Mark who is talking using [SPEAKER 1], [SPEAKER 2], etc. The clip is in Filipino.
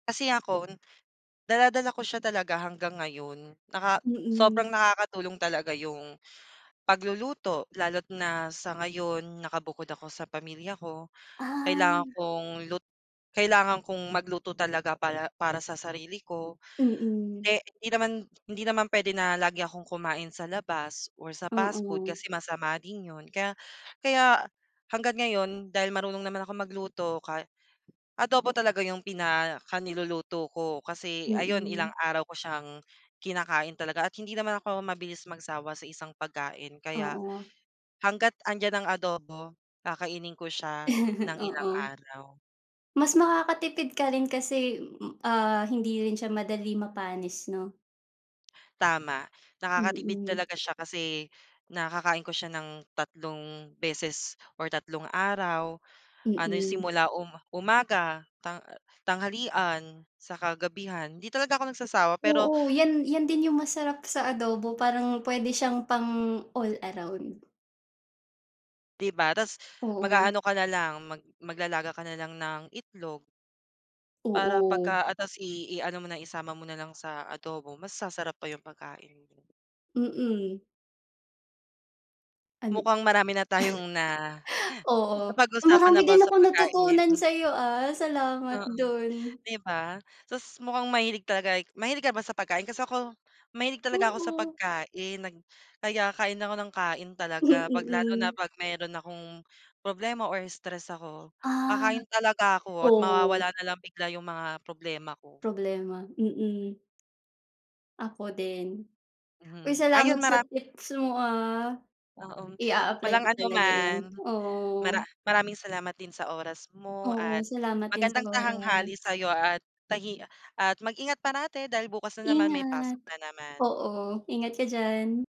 [SPEAKER 1] Kasi ako, dala-dala ko siya talaga hanggang ngayon naka
[SPEAKER 2] Mm.
[SPEAKER 1] sobrang nakakatulong talaga yung pagluluto lalo't na sa ngayon nakabukod ako sa pamilya ko, kailangan
[SPEAKER 2] Ah.
[SPEAKER 1] kong lut kailangan kong magluto talaga pala para sa sarili ko.
[SPEAKER 2] Mm.
[SPEAKER 1] Eh hindi naman, hindi naman puwede na lagi akong kumain sa labas or sa past food
[SPEAKER 2] Mm.
[SPEAKER 1] kasi masama din yun kaya, kaya hangga't ngayon dahil marunong naman akong magluto ka, adobo talaga yung pinaka niluluto ko kasi ayun ilang
[SPEAKER 2] Mm.
[SPEAKER 1] araw ko siyang kinakain talaga at hindi naman ako mabilis magsawa sa isang pagkain kaya,
[SPEAKER 2] Oo.
[SPEAKER 1] hangga't andiyan ang adobo kakainin ko siya ng ilang
[SPEAKER 2] Oo,
[SPEAKER 1] araw.
[SPEAKER 2] mas makakatipid ka rin kasi, ah hindi rin siya madali mapanis 'no?
[SPEAKER 1] Tama, nakakatipid
[SPEAKER 2] Mm.
[SPEAKER 1] talaga siya kasi nakakain ko siya ng tatlong beses or tatlong araw, ano yung
[SPEAKER 2] Mm.
[SPEAKER 1] simula umaga, tang tanghalian, saka gabihan, 'di talaga ako nagsasawa pero.
[SPEAKER 2] Oo 'yan 'yan din yung masarap sa adobo parang pwede siyang pang all around.
[SPEAKER 1] Di ba tas
[SPEAKER 2] Oo.
[SPEAKER 1] mag-aano ka nalang mag maglalaga ka nalang ng itlog. Para
[SPEAKER 2] Oo.
[SPEAKER 1] pagka ah tas i i-ano mo na isama mo nalang sa adobo mas sasarap pa yung pagkain mo.
[SPEAKER 2] Mm. An
[SPEAKER 1] Mukhang marami na tayong na,
[SPEAKER 2] oo,
[SPEAKER 1] napag-usapan
[SPEAKER 2] marami
[SPEAKER 1] about
[SPEAKER 2] din
[SPEAKER 1] sa
[SPEAKER 2] akong
[SPEAKER 1] pagkain.
[SPEAKER 2] natutunan sa'yo ah salamat
[SPEAKER 1] Oo,
[SPEAKER 2] dun.
[SPEAKER 1] 'di ba, tas mukhang mahilig talaga mahilig ka ba sa pagkain kasi ako, mahilig talaga ako sa
[SPEAKER 2] Oo.
[SPEAKER 1] pagkain nag kaya kain ako ng kain
[SPEAKER 2] Hm,
[SPEAKER 1] talaga 'pag lalo na
[SPEAKER 2] mm.
[SPEAKER 1] 'pag meron akong problema or stress ako,
[SPEAKER 2] Ah,
[SPEAKER 1] kakain talaga ako at
[SPEAKER 2] oh.
[SPEAKER 1] mawawala na lang bigla yung mga problema ko.
[SPEAKER 2] Problema mm. Ako din, uy
[SPEAKER 1] Mhm
[SPEAKER 2] salamat
[SPEAKER 1] ayun
[SPEAKER 2] sa
[SPEAKER 1] maram
[SPEAKER 2] tips mo ah,
[SPEAKER 1] Oo,
[SPEAKER 2] i-a-apply
[SPEAKER 1] walang
[SPEAKER 2] ko
[SPEAKER 1] ano
[SPEAKER 2] talaga
[SPEAKER 1] man,
[SPEAKER 2] yun oo.
[SPEAKER 1] mara maraming salamat din sa oras mo
[SPEAKER 2] Oo,
[SPEAKER 1] at
[SPEAKER 2] salamat din sa
[SPEAKER 1] magandang
[SPEAKER 2] oras.
[SPEAKER 1] tahanghali sa'yo at tahi at mag-ingat parati dahil bukas na naman may pasok
[SPEAKER 2] Ingat,
[SPEAKER 1] na naman.
[SPEAKER 2] oo ingat ka diyan.